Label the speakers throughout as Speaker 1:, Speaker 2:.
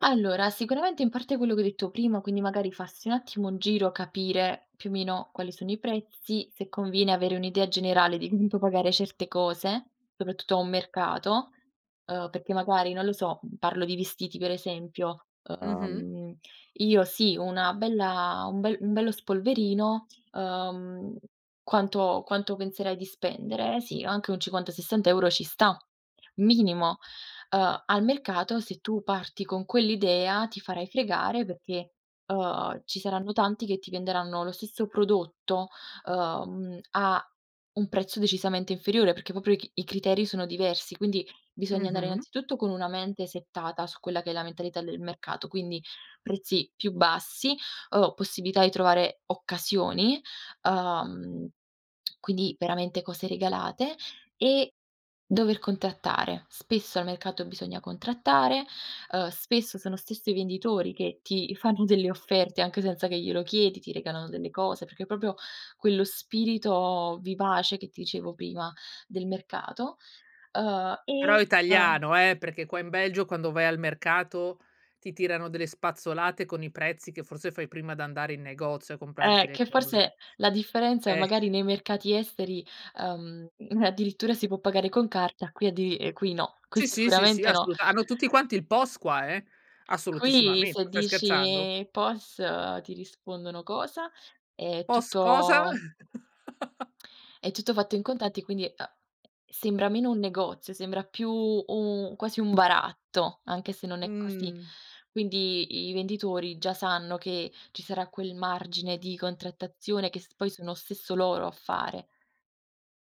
Speaker 1: Allora, sicuramente, in parte, quello che hai detto prima, quindi magari farsi un attimo un giro, capire, più o meno, quali sono i prezzi, se conviene avere un'idea generale di [unintelligible] puoi pagare certe cose, soprattutto a un mercato, uhm, perché, magari non lo so, parlo di vestiti per esempio:
Speaker 2: Mh-mh.
Speaker 1: uhm, io sì, una bella un bel un bello spolverino, uhm, quanto quanto penserai di spendere? Sì, anche un 50-60 € ci sta, minimo. Uhm, al mercato se tu parti con quell'idea ti farai fregare perché, uhm, ci saranno tanti che ti venderanno lo stesso prodotto, uhm, a un prezzo decisamente inferiore, perché proprio i c i criteri sono diversi, quindi bisogna andare
Speaker 2: Mh-mh.
Speaker 1: innanzitutto con una mente settata su quella che è la mentalità del mercato, quindi prezzi più bassi o possibilità di trovare occasioni. Uhm, quindi veramente cose regalate e dover contrattare. Spesso al mercato bisogna contrattare, uhm, spesso sono stesso i venditori che ti fanno delle offerte, anche senza che glielo chiedi, ti regalano delle cose perché proprio quello spirito vivace, che ti dicevo prima, del mercato, uhm,
Speaker 2: Però è
Speaker 1: e uhm
Speaker 2: italiano, eh! Perché qua in Belgio, quando vai al mercato, ti tirano delle spazzolate con i prezzi che forse fai prima di andare in negozio a comprarti
Speaker 1: Eh,
Speaker 2: le
Speaker 1: che
Speaker 2: cose.
Speaker 1: forse la differenza,
Speaker 2: Eh.
Speaker 1: magari nei mercati esteri, uhm, addirittura si può pagare con carta, qui addi ehm, qui no, qui
Speaker 2: Sì, sì, sì, sì,
Speaker 1: sicuramente no.
Speaker 2: assoluta hanno tutti quanti il pos qua, eh!
Speaker 1: Qui
Speaker 2: Assolutissimamente.
Speaker 1: se
Speaker 2: Stai scherzando?
Speaker 1: dici: "Pos?", ti rispondono: "Cosa?" È
Speaker 2: "Pos cosa?"
Speaker 1: tutto è tutto fatto in contanti e, quindi, uhm, sembra meno un negozio, sembra più u quasi un baratto, anche se non è così.
Speaker 2: Mh.
Speaker 1: Quindi i venditori già sanno che ci sarà quel margine di contrattazione che s poi sono stesso loro a fare.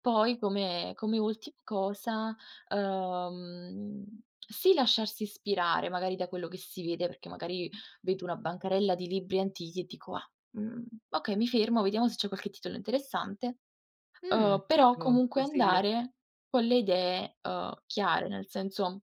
Speaker 1: Poi, come come ultima cosa, uhm, sì, lasciarsi ispirare magari da quello che si vede, perché magari vedo una bancarella di libri antichi e dico: "Ah, mhmm, okay, mi fermo, vediamo se c'è qualche titolo interessante",
Speaker 2: Mh.
Speaker 1: uhm, però
Speaker 2: Ottimo
Speaker 1: comunque
Speaker 2: consiglio.
Speaker 1: andare con le idee, uhm, chiare, nel senso